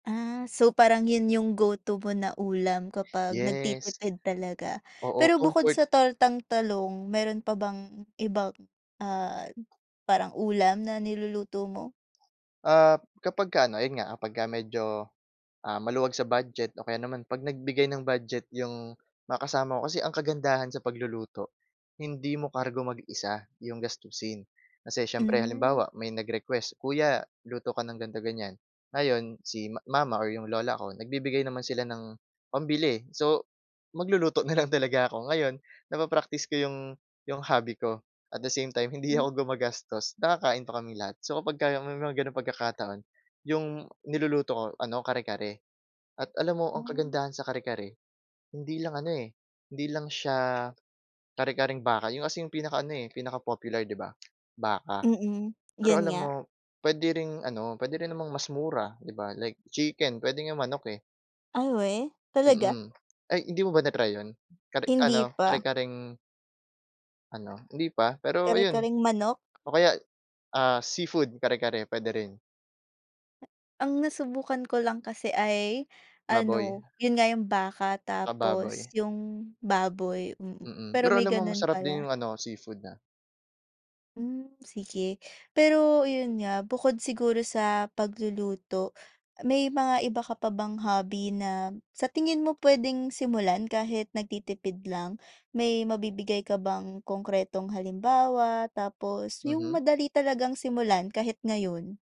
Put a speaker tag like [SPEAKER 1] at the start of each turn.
[SPEAKER 1] Ah, so parang yun yung go to mo na ulam kapag
[SPEAKER 2] Yes.
[SPEAKER 1] nagtitipid talaga.
[SPEAKER 2] Oo,
[SPEAKER 1] Pero bukod
[SPEAKER 2] comfort
[SPEAKER 1] sa tortang talong, meron pa bang ibang, ah, parang ulam na niluluto mo?
[SPEAKER 2] Ah, kapagka ano ayun nga pagka medyo, ah, maluwag sa budget o kaya naman 'pag nagbigay ng budget yung mga kasama ko kasi ang kagandahan sa pagluluto, hindi mo kargo mag-isa yung gastusin. Kasi siyempre,
[SPEAKER 1] Hmm.
[SPEAKER 2] halimbawa may nag-request, "Kuya luto ka ng gan'to-ganyan." Ngayon si ma mama or yung lola ko nagbibigay naman sila ng pambili. So, magluluto na lang talaga ako. Ngayon napapraktis ko yung yung hobby ko at the same time hindi
[SPEAKER 1] Hmm.
[SPEAKER 2] ako gumagastos, nakakain pa kaming lahat. So, kapag ka may mga ganong pagkakataon, yung niluluto ko ano, kare-kare. At alam mo ang
[SPEAKER 1] Ay.
[SPEAKER 2] kagandahan sa kare-kare, hindi lang ano, eh, hindi lang siya kare-kareng baka, yung as in yung pinaka ano, eh, pinaka-popular, 'di ba? Baka.
[SPEAKER 1] Mm.
[SPEAKER 2] Pero
[SPEAKER 1] Yun
[SPEAKER 2] alam mo,
[SPEAKER 1] nga.
[SPEAKER 2] pwede ring ano pwede rin namang mas mura, 'di ba, like chicken. Pwede nga manok, eh.
[SPEAKER 1] Ay weh, talaga?
[SPEAKER 2] Mm. Ay, hindi mo ba na-try yun? Kare
[SPEAKER 1] Hindi
[SPEAKER 2] ano,
[SPEAKER 1] pa.
[SPEAKER 2] kare-kareng ano, hindi pa? pero ayun
[SPEAKER 1] Kare-kareng manok?
[SPEAKER 2] o kay, ah, seafood kare-kare, pwede rin.
[SPEAKER 1] Ah. Ang nasubukan ko lang kasi ay
[SPEAKER 2] Baboy.
[SPEAKER 1] ano, yun nga yung baka,
[SPEAKER 2] Saka
[SPEAKER 1] tapos
[SPEAKER 2] baboy.
[SPEAKER 1] yung baboy. Mm.
[SPEAKER 2] Mm.
[SPEAKER 1] Pero
[SPEAKER 2] Pero
[SPEAKER 1] may
[SPEAKER 2] alam mo
[SPEAKER 1] ganun
[SPEAKER 2] masarap din
[SPEAKER 1] pala.
[SPEAKER 2] yung ano, seafood na
[SPEAKER 1] Hmm, sige. Pero, yun nga bukod siguro sa pagluluto, may mga iba ka pa bang hobby na sa tingin mo pwedeng simulan kahit nagtitipid lang? May mabibigay ka bang konkretong halimbawa? Tapos, yung
[SPEAKER 2] Mhm.
[SPEAKER 1] madali talagang simulan kahit ngayon.